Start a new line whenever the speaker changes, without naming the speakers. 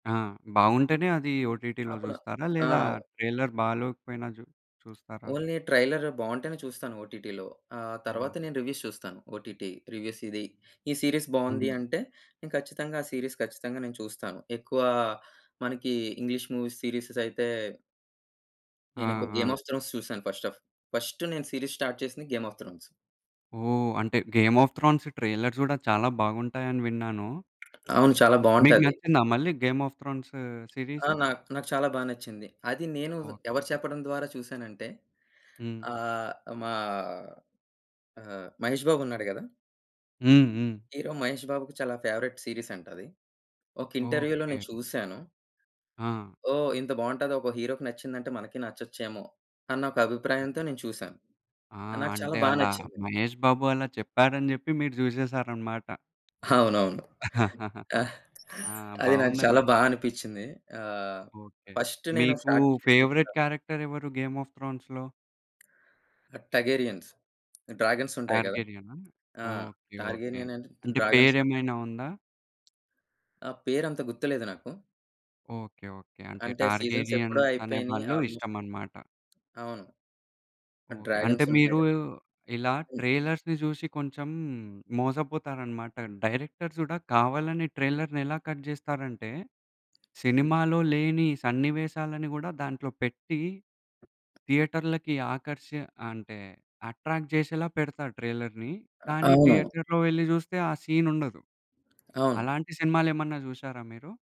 ఆ! బావుంటేనే అది ఓటీటీలో
అపును
చూస్తారా?
ఆ!
లేదా ట్రైలర్ బాలోకపోయినా చు చూస్తారా?
ఓన్లీ ట్రైలర్ బావుంటేనే చూస్తాను ఓటీటీలో. ఆహ్,
ఓహ్!
తరువాత నేను రివ్యూస్ చూస్తాను. OTT reviews. "ఇది ఈ సీరీస్
హ్మ్.
బావుంది" అంటే నేను ఖచ్చితంగా ఆ సీరీస్ ఖచ్చితంగా నేను చూస్తాను. ఎక్కువ మనకి ఇంగ్లీష్ మూవీస్, సీరీస్ అయితే
ఆ!
నేనొక 'గేమ్
ఆ!
ఆఫ్ థ్రోన్స్' చూసాను ఫస్ట్ ఆఫ్ ఫస్ట్ నేను సీరీస్ స్టార్ట్ చేసింది 'గేమ్ ఆఫ్ థ్రోన్స్'.
ఓహ్! అంటే గేమ్ ఆఫ్ థ్రోన్స్ ట్రైలర్స్ కూడా చాలా బాగుంటాయని విన్నాను.
అవును. చాలా
మీకు
బావుంటాది.
నచ్చిందా మళ్ళీ గేమ్ ఆఫ్ థ్రోన్స్
ఆ!
సీరీస్?
నాకు నాకు చాలా బా నచ్చింది! అది నేను
ఓకే.
ఎవరు చెప్పడం ద్వారా చూశానంటే
హ్మ్.
ఆహ్, మా ఆహ్, మహేష్ బాబున్నాడు కదా!
హ్మ్ హ్మ్.
హీరో మహేష్ బాబుకి చాలా ఫేవరైట్ సీరీస్ అంట అది. ఒక ఇంటర్వ్యూలో
ఓకే.
నేను చూసాను.
ఆ!
ఓహ్! ఇంత బావుంటదో! ఒక హీరోకి నచ్చిందంటే మనకి నచ్చొచ్చేమో! అన్న ఒక
ఓ
అభిప్రాయంతో నేను చూశాను.
ఆ!
నాకు చాలా
అంటే
బా
అలా
నచ్చింది!
మహేష్ బాబు అలా చెప్పారని చెప్పి మీరు చూసేసారన్నమాట.
అవునవును. ఆహ్,
ఆ!
అది నాకు
బావుందండి!
చాలా బా అనిపిచింది. ఆహ్,
ఓకే.
ఫస్ట్ నేను
మీకు
స్టార్ట్ చేసింది
ఫేవరెట్
కూడా
క్యారెక్టర్ ఎవరు? గేమ్ ఆఫ్ థ్రోన్స్‌లో?
టార్గేరియన్స్. డ్రాగన్స్ ఉంటాయి కదా!
టార్గెరియనా?
ఆ!
Okay okay.
టార్గేరియన్ అంటే
అంటే
డ్రాగన్స్ ఉంట
పేరేమైనా ఉందా?
ఆహ్, పేరంత గుర్తులేదు నాకు.
Okay, okay. అంటే
అంటే సీజన్స్ ఎప్పుడో
టార్గెలియన్స్ అనే
అయిపోయినయి
వాళ్ళు
ఆల్మోస్ట్.
ఇష్టమనమాట.
అవును.
ఓకే. అంటే
డ్రాగన్స్ ఉంటాయి
మీరు
కదా!
ఇలా
హ్మ్.
ట్రైలర్స్‌ని చూసి కొంచెం మోసపోతారన్నమాట. డైరెక్టర్స్ కూడా కావాలని ట్రైలర్‌ని ఎలా కట్ చేస్తారంటే,
హ్మ్.
సినిమాలో లేని సన్నివేశాలని కూడా దాంట్లో పెట్టి థియేటర్‌లకి ఆకర్షి అంటే అట్రాక్ట్ చేసేలా పెడతారు ట్రైలర్‌ని.
అ
కానీ
అవును.
థియేటర్‌లో వెళ్లి జూస్తే ఆ సీన్ ఉండదు.
అవును.
అలాంటి సినిమాలు ఏమన్నా జూసారా మీరు?